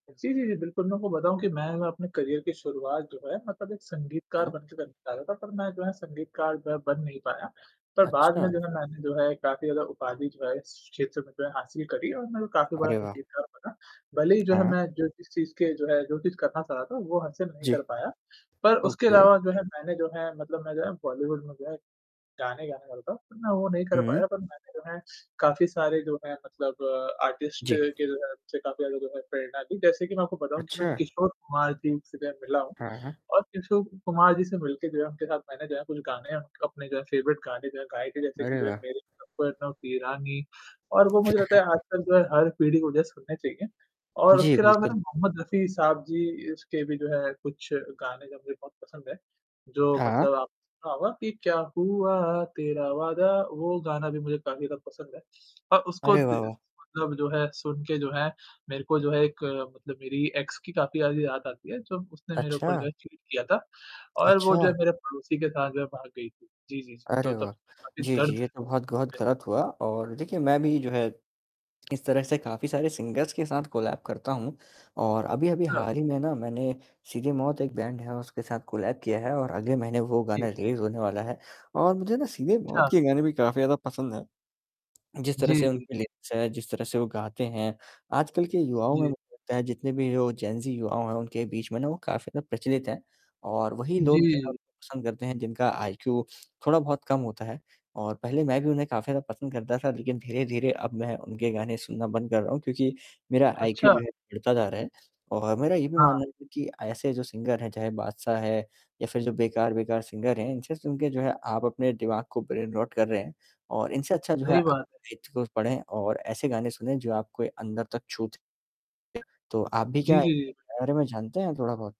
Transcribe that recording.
जी, जी, जी। बिल्कुल मैं आपको बताऊँ कि मैं अगर अपने करियर की शुरुआत जो है मतलब एक संगीतकार हाँ। बनके मैं निकला था, पर मैं जो है संगीतकार बन नहीं पाया। पर बाद में अच्छा। जो है मैंने जो है काफ़ी ज़्यादा उपाधि जो है इस क्षेत्र में जो है हासिल करीं और मैं जो है काफ़ी बड़ा अरे वाह! संगीतकार बना। भले ही जो है हाँ। मैं जो इस चीज़ के जो है जो चीज़ करना चाह रहा था वो हासिल नहीं जी। कर पाया। पर उसके ओके। अलावा जो है मैंने जो है मतलब मैं जब बॉलीवुड में गया गाने गाने वाला था पर मैं वो नहीं कर हुँ। पाया पर मैंने जो है काफ़ी सारे जो है मतलब आर्टिस्ट जी। के जो है जिनसे काफ़ी ज्यादा जो है प्रेरणा ली, जैसे कि मैं आपको बताऊँ कि मैं अच्छा। किशोर कुमार जी से मैं मिला हूँ हाँ, हाँ। और किशोर कुमार जी से मिलके उनके साथ जो है उनके साथ मैंने जो है कुछ गाने अपने जो है फ़ेवरेट गाने जो है गाए थे जैसे कि अरे जो है वाह! मेरे सपनों की रानी और वो मुझे हाँ, लगता हाँ। है आजकल जो है हर पीढ़ी को जो है सुननें चाहिए। और जी, उसके अलावा बिल्कुल। मैंने मोहम्मद रफ़ी साहब जी के भी जो है कुछ गाने जो है मुझे बहुत पसंद है। जो हाँ। मतलब आपने सुना होगा कि क्या हुआ तेरा वादा वो गाना भी मुझे काफ़ी ज़्यादा पसंद है। और उसको अरे वाह, दि वाह! मतलब जो है सुन के जो है मेरे को जो है एक मतलब मेरी एक्स की काफ़ी ज़्यादा याद आती है जो उसने मेरे अच्छा। ऊपर जो है चीट किया था और वो जो है अच्छा। मेरे पड़ोसी के साथ जो है भाग गई थी। जी, जी, जी, अरे तो तब तो वाह! मैं काफ़ी जी, जी दर्द ये तो बहुत गहुत में गलत हुआ और देखिए मैं भी जो है इस तरह से काफ़ी सारे सिंगर्स के साथ कोलैब करता हूँ और अभी-अभी हाँ। हाल ही में ना मैंने सीधे मौत एक बैंड है उसके साथ कोलैब किया है और अगले महीने वो गाना जी। रिलीज़ होने वाला है और मुझे ना सीधे मौत अच्छा। के गाने भी काफ़ी ज़्यादा पसंद है। जिस तरह से जी। उनकी लेंस है, जिस तरह से वो गाते हैं आजकल के युवाओं जी। में जितने भी वो जेन ज़ी युवा हैं उनके बीच में ना वो काफ़ी ज्यादा प्रचलित हैं। और वही लोग जो है जी। उनको पसंद करते हैं जिनका आईक्यू थोड़ा बहुत कम होता है और पहले मैं भी उन्हें काफ़ी ज़्यादा पसंद करता था लेकिन धीरे-धीरे अब मैं उनके गाने सुनना बंद कर रहा हूँ क्योंकि मेरा आईक्यू अच्छा। जो है गिरता जा रहा है और मेरा ये भी हाँ। मानना है कि ऐसे जो सिंगर हैं चाहे बादशाह है या फिर जो बेकार-बेकार सिंगर हैं इनसे सुनके जो है आप अपने दिमाग को ब्रेन रॉट कर रहे हैं और इनसे अच्छा जो है सही अ बात है। साहित्य को पढ़ें और ऐसे गाने सुनें जो आपको अंदर तक छूते तो आप भी क्या जी, जी, जी। इनके बिल्कुल। बारे में जानते हैं थोड़ा-बहुत?